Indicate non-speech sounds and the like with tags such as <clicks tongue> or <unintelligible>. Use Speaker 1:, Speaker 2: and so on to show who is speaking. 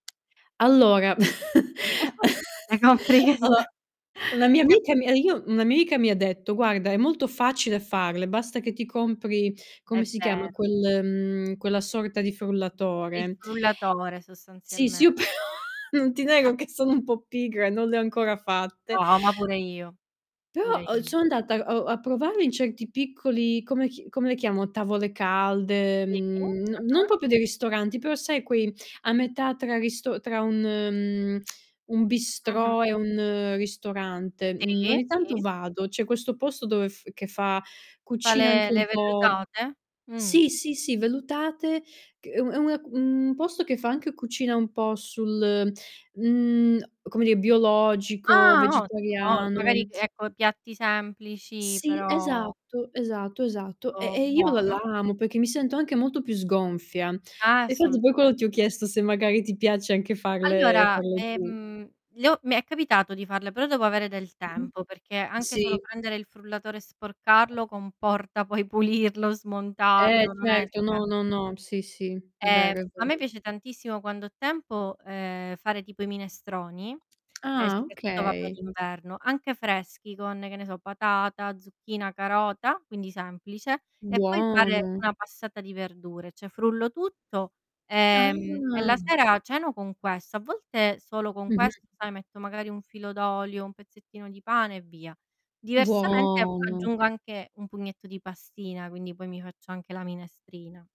Speaker 1: Allora, <chuckles>
Speaker 2: <chuckles>
Speaker 1: ho la mia amica
Speaker 2: <unintelligible>
Speaker 1: me e io una mia amica mi ha detto: "Guarda è molto facile farle, basta che ti compri"
Speaker 2: È
Speaker 1: come si chiama
Speaker 2: vero.
Speaker 1: quel mhmm, quella sorta di
Speaker 2: Il
Speaker 1: frullatore.
Speaker 2: frullatore
Speaker 1: Sì,
Speaker 2: sostanzialme
Speaker 1: sì, io però non ti nego che
Speaker 2: <chuckles>
Speaker 1: sono un po' pigra, non le ho ancora fatte.
Speaker 2: No, ma pure io,
Speaker 1: Però,
Speaker 2: pure
Speaker 1: uhm,
Speaker 2: io.
Speaker 1: son andata, uhm, a provare in certi piccoli, come chi come le chiamo, tavole calde,
Speaker 2: Sì,
Speaker 1: mhmm, non non
Speaker 2: ah-ah.
Speaker 1: proprio dei ristoranti, però sai quei a metà tra risto tra un mhmm, <clicks tongue> un
Speaker 2: Mh-mh.
Speaker 1: bistrot e un ristorante, mhmm,
Speaker 2: Sì,
Speaker 1: ogni tanto
Speaker 2: sì.
Speaker 1: vado. C'è questo posto dove f che fa
Speaker 2: Fa
Speaker 1: cucina
Speaker 2: le
Speaker 1: anche un
Speaker 2: le
Speaker 1: po'
Speaker 2: vellutate? Mh.
Speaker 1: sì, sì, sì vellutate c è una un posto che fa anche cucina un po' sul, mhmm, a come di biologico,
Speaker 2: Ah, ottimo, o
Speaker 1: vegetariano.
Speaker 2: magari ecco piatti semplici
Speaker 1: Sì,
Speaker 2: però
Speaker 1: esatto, esatto, esatto, e
Speaker 2: Oh,
Speaker 1: e io la
Speaker 2: buono.
Speaker 1: l'amo perché mi sento anche molto più sgonfia. Infatti poi
Speaker 2: Assolutame
Speaker 1: quando ti ho chiesto se magari ti piace anche farle
Speaker 2: Allora,
Speaker 1: farle tu.
Speaker 2: ehm, le ho mi è capitato di farle però devo avere del
Speaker 1: Mh-mh,
Speaker 2: tempo, perché anche solo
Speaker 1: sì.
Speaker 2: prendere il frullatore e sporcarlo comporta poi pulirlo,
Speaker 1: Eh
Speaker 2: smontarlo, non è
Speaker 1: certo, no,
Speaker 2: sem
Speaker 1: no, no, sì, sì è
Speaker 2: Ehm,
Speaker 1: vero, è
Speaker 2: a me
Speaker 1: vero.
Speaker 2: piace tantissimo quando ho tempo, ehm, fare tipo i minestroni e
Speaker 1: Ah,
Speaker 2: soprattutto vabbè
Speaker 1: okay.
Speaker 2: d'inverno, anche freschi con, che ne so, patata, zucchina, carota, quindi semplice, e poi fare
Speaker 1: Buono.
Speaker 2: una passata di verdure, cioè frullo tutto, ehm, e la
Speaker 1: Ah.
Speaker 2: sera ceno con questo. A volte solo con questo,
Speaker 1: Mh-mh.
Speaker 2: sai, metto magari un filo d'olio, un pezzettino di pane e via. Diversamente
Speaker 1: Buono.
Speaker 2: aggiungo anche un pugnetto di pastina, quindi poi mi faccio anche la minestrina.